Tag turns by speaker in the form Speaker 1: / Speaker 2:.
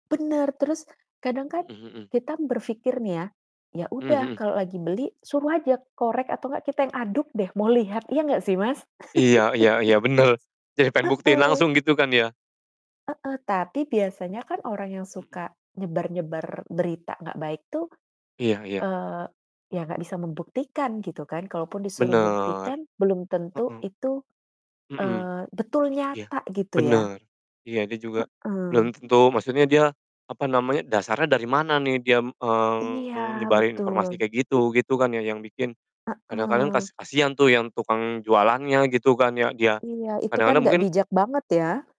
Speaker 1: Bener, terus kadang kan
Speaker 2: Mhm mhm.
Speaker 1: kita berpikir nih ya, "Ya,
Speaker 2: Mmm,
Speaker 1: udah,
Speaker 2: mhm.
Speaker 1: kalau lagi beli suruh aja korek, atau nggak kita yang aduk deh, mau lihat." Iya nggak sih, Mas?
Speaker 2: Iya iya iya, benar. Jadi pengen buktiin
Speaker 1: Heeh.
Speaker 2: langsung, gitu kan ya?
Speaker 1: Heeh, tapi
Speaker 2: Mmm,
Speaker 1: biasanya kan orang yang
Speaker 2: mhm.
Speaker 1: suka nyebar-nyebar berita nggak baik tuh,
Speaker 2: Iya iya.
Speaker 1: eee, ya nggak bisa membuktikan gitu kan? Kalaupun disuruh
Speaker 2: Benar.
Speaker 1: buktikan belum tentu
Speaker 2: Heeh.
Speaker 1: itu,
Speaker 2: Mhm.
Speaker 1: eee, betul
Speaker 2: Iya,
Speaker 1: nyata, gitu ya.
Speaker 2: benar. Iya, dia juga
Speaker 1: Heeh.
Speaker 2: belum tentu maksudnya dia, apa namanya, dasarnya dari mana nih diam, eee,
Speaker 1: Iya,
Speaker 2: nyebarin informasi
Speaker 1: betul.
Speaker 2: kayak gitu, gitu kan ya, yang bikin kadang-kadang
Speaker 1: Heeh.
Speaker 2: kas kasihan tuh yang tukang jualannya, gitu kan ya, dia.
Speaker 1: Iya, itu
Speaker 2: Kadang
Speaker 1: kan nggak
Speaker 2: mungkin
Speaker 1: bijak banget, ya?